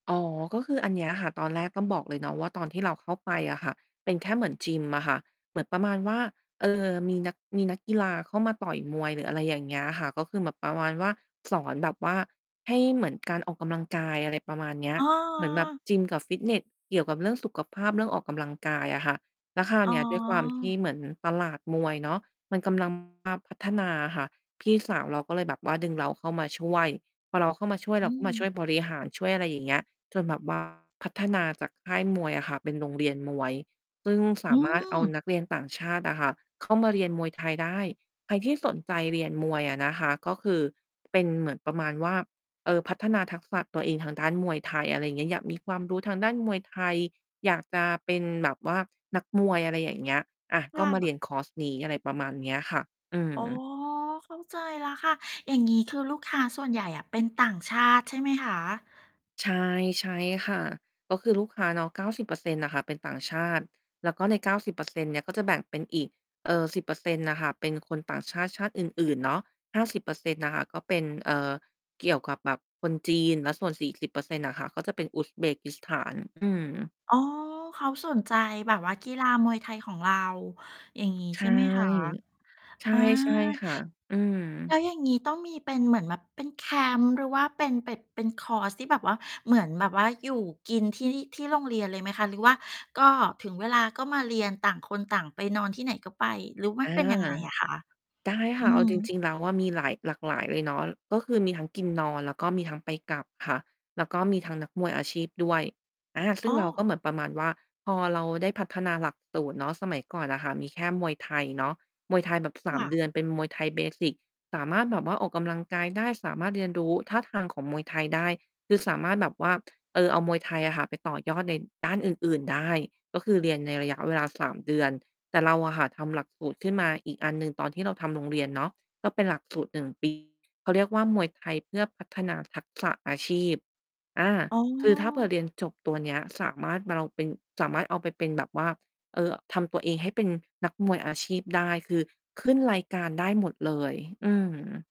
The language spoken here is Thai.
อ๋อ ก็คืออันเนี้ยค่ะ ตอนแรก ต้องบอกเลยเนาะว่า ตอนที่เราเข้าไปอะค่ะ เป็นแค่เหมือนยิมอะค่ะ เหมือนประมาณว่า เอ่อ มีนัก มีนักกีฬาเข้ามาต่อยมวยหรืออะไรอย่างเงี้ยค่ะ ก็คือแบบประมาณว่า สอนแบบว่าให้เหมือนการออกกำลังกาย อะไรประมาณเนี้ย อ๋อ เหมือนแบบยิมกับฟิตเนสเกี่ยวกับเรื่องสุขภาพ เรื่องออกกำลังกายอะค่ะ แล้วคราวอ๋เนี้ย ด้วยความที อ เหมือนตลาดมวยเนาะ มันกำ ลัง มาพัฒนาอะค่ะ พี่สาวเราก็เลยแบบว่าดึงเราเข้ามาช่วย พอเราเข้ามาช่วย อเรืาอก็มาชฮึ ่วยบริหารช่วยอะไร อย่างเงี้ย จนแบบ ว่า พัฒนาจากค่าย มวยอะค่ะเป็นโรงเรียนมวย ซึ่งสอืามารถเอาม นักเรียนต่างชาติอะค่ะเข้ามา เรียนมวยไทยได้ ใครที่สนใจเรียนมวยอะนะคะ ก็คือเป็นเหมือนประมาณว่า เอ่อ พัฒนาทักษะตัวเองทางด้าน มวยไทย อะไรเงี้ย อยากมีความรู้ทางด้านมวยไทย อยากจะเป็นแบบว่านักมวย อะไรอย่างเงี้ย อะ ถก้็ามาแเบรีบ ยนคอร์สนี้ อะไรประมาณเนี้ยค่ะ อือ๋อ ม เข้าใจแล้วค่ะ อย่างงี้ คือลูกค้าส่วนใหญ่อะเป็นต่างชาติ ใช่ไหมคะ? ใช่ ๆ ค่ะ ก็คือลูกค้าเนาะ 90% น่ะค่ะเป็นต่างชาติ แล้วก็ใน 90% เนี่ยก็จะแบ่งเป็นอีก เอ่อ 10% น่ะค่ะเป็นคนต่างชาติชาติอื่น ๆ เนาะ 50% น่ะค่ะ ก็เป็น เอ่อ เกี่ยวกับแบบคนจีน แล้วส่วน 40% น่ะค่ะ ก็จะเป็นอุซเบกิสถาน อืม อ๋อ เขาสนใจแบบว่ากีฬามวยไทยของเรา อย่างงี้ ใชใช่ ่ไหมคะ? ใชอา ่ ๆ ค่ะ อือฮแลึ ้วอย่างงี้ ต้องมีเป็นเหมือนแบบเป็นแคมป์ หรือว่าเป็น เป็ด เป็นคอร์สที่แบบว่าเหมือนแบบว่าอยู่กินที่ ที่โรงเรียนเลยไหมคะ? หรือว่าก็ถึงเวลาก็มาเรียน? ต่างคนต่างไปนอนที่ไหนก็ไป หรือว่ามัอนา เป็นยังไงอะคะ? ได้คอื่ะ อเอฮาจรึ ิง ๆ แล้วอะมีหลาย หลากหลายเลยเนาะ ก็คือมีทั้งกินนอนแล้วก็มีทั้งไปกลับค่ะ แล้วก็มีทั้งนักมวยอาชีพด้วย อา ซึ่อ้งเราก็อ เหมือนประมาณว่า พอเราได้พัฒนาหลักสูตรเนาะ สมัยก่อนอะค่ะมีแค่มวยไทยเนาะ มวยไทยแบบ สคาม ่ะ เดือน เป็นมวยไทย เบสิก สามารถแบบว่าออกกำลังกายได้ สามารถเรียน รู้ท่าทางของมวยไทยได้ คือสามารถแบบว่า เออ เอามวยไทยอะค่ะไปต่อยอดในด้านอื่น ๆ ได้ ก็คือเรียนในระยะเวลา 3 เดือน แต่เราอะค่ะทำหลักสูตรขึ้นมาอีกอันหนึ่ง ตอนที่เราทำโรงเรียนเนาะ ก็เป็นหลักสูตร 1 ปี เขาเรียกว่า มวยไทยเพื่อพัฒนาทักษะ อาชีพ อา อ๋คือถ้าเผื่ออ เรียนจบตัวเนี้ย สามารถม่ะเลาเป็น สามารถเอาไปเป็นแบบว่า เออ ทำตัวเองให้เป็นนักมวยอาชีพได้ คือขึ้นรายการได้หมดเลย อืม